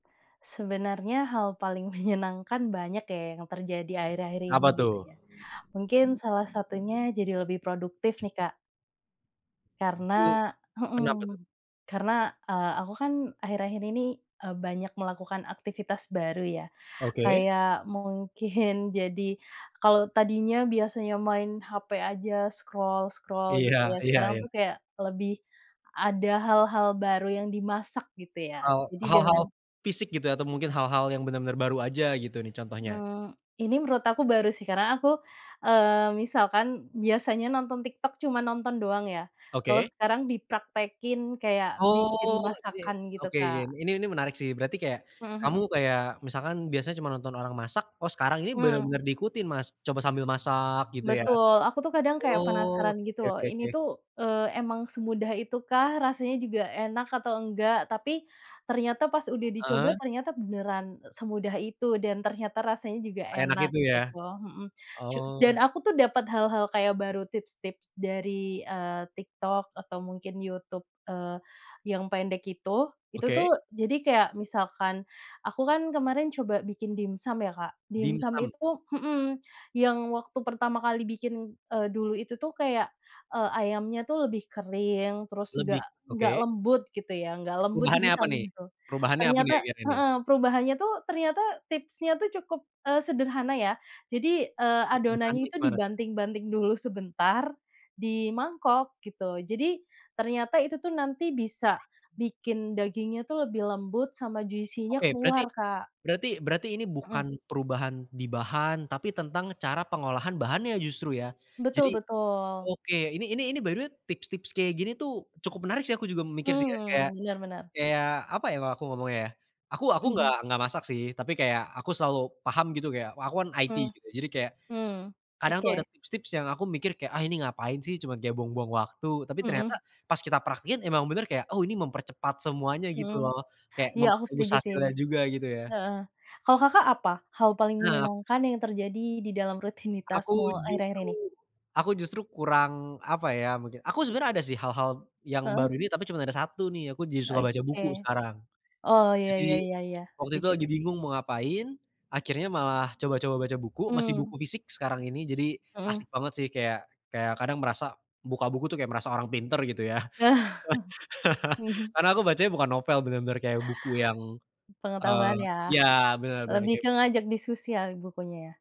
Sebenarnya, hal paling menyenangkan banyak ya yang terjadi akhir-akhir ini Apa tuh? gitu ya. Mungkin, salah satunya jadi lebih produktif nih, Kak. Karena Wuih, heeh, kenapa tuh? karena eee, aku kan akhir-akhir ini, eee, banyak melakukan aktivitas baru ya, Oke. kayak mungkin jadi kalau tadinya biasanya main HP aja scroll-scroll Iya gitu ya, iya sekarang iya. tuh kayak lebih ada hal-hal baru yang dimasak gitu ya, Hal jadi hal-hal, dengan fisik gitu atau mungkin hal-hal yang benar-benar baru aja gitu nih contohnya? Mmm, ini menurut aku baru sih karena aku, eee, misalkan biasanya nonton TikTok cuma nonton doang ya, kalau Oke. sekarang dipraktekin kayak bikin Oke masakan gitu, oke oke Kak. ini ini menarik sih berarti kayak Hmm kamu hmm. kayak misalkan biasanya cuma nonton orang masak, oh sekarang ini Hmm. bener-bener diikutin mas coba sambil masak gitu ya, Betul aku tuh, kadang kayak oh penasaran oke gitu oke loh oke ini oke. tuh, eee, emang semudah itu kah, rasanya juga enak atau enggak, tapi ternyata pas udah Heeh. dicoba ternyata beneran semudah itu, dan ternyata rasanya juga Seenak enak itu ya? gitu, hmm, cu Oh. dan aku tuh dapat hal-hal kayak baru tips-tips dari, eee, TikTok atau mungkin YouTube, eee, yang pendek itu. Itu Oke. tuh jadi kayak misalkan aku kan kemarin coba bikin dimsum ya Kak. Dimsum Dimsum. itu hmm, yang waktu pertama kali bikin, eee, dulu itu tuh kayak, eee, ayamnya tuh lebih kering terus Lebih enggak enggak oke. lembut gitu ya, enggak lembut Perubahannya apa nih? dimsumnya tuh. Perubahannya apa nih Ternyata Kira-kira nih? heeh perubahannya tuh, ternyata tipsnya tuh cukup eee, sederhana ya. Jadi, eee, Perubahannya adonannya itu gimana? dibanting-banting dulu sebentar, di mangkok gitu. Jadi, ternyata itu tuh nanti bisa bikin dagingnya tuh lebih lembut sama juicy-nya Oke berarti keluar Kak. berarti berarti ini Hmm. bukan perubahan di bahan, tapi tentang cara pengolahan bahannya justru ya. Betul Jadi betul. oke ini ini ini by the way tips-tips kayak gini tuh cukup menarik sih aku juga mikir sih ya kayak Hmm, benar benar. kayak kayak apa ya kalau aku ngomongnya ya. Aku aku enggak enggak masak sih tapi kayak aku selalu paham gitu kayak, wa aku kan IT Hmm gitu, jadi kayak hmm, kadang tuh ada oke. tips-tips yang aku mikir kayak, "Ah ini ngapain sih, cuma kayak buang-buang waktu," tapi Hmm. ternyata pas kita praktekin emang bener kayak, "Oh ini mempercepat semuanya," Hmm, gitu loh, kayak iya aku memperbagus setuju sih hasilnya juga gitu ya. heeh, kalau Kakak, apa hal paling Nah. menyenangkan yang terjadi di dalam Aku rutinitasmu akhir-akhir justru ini? aku justru kurang apa ya, mungkin aku sebenarnya ada sih hal-hal yang baru Heeh. ini tapi cuma ada 1 nih aku jadi suka baca buku Oke, sekarang. oh ya ya Jadi, ya ya waktu itu setuju. lagi bingung mau ngapain, akhirnya malah coba-coba baca buku masih Mmm. buku fisik sekarang ini jadi Hmm. asik banget sih kayak kayak kadang merasa buka buku tuh kayak merasa orang pinter gitu ya, Mhm. karena aku bacanya bukan novel, bener-bener kayak buku yang, eee Pengetahuan ya, ya, bener bener lebih kayak ke ngajak diskusi ya bukunya ya?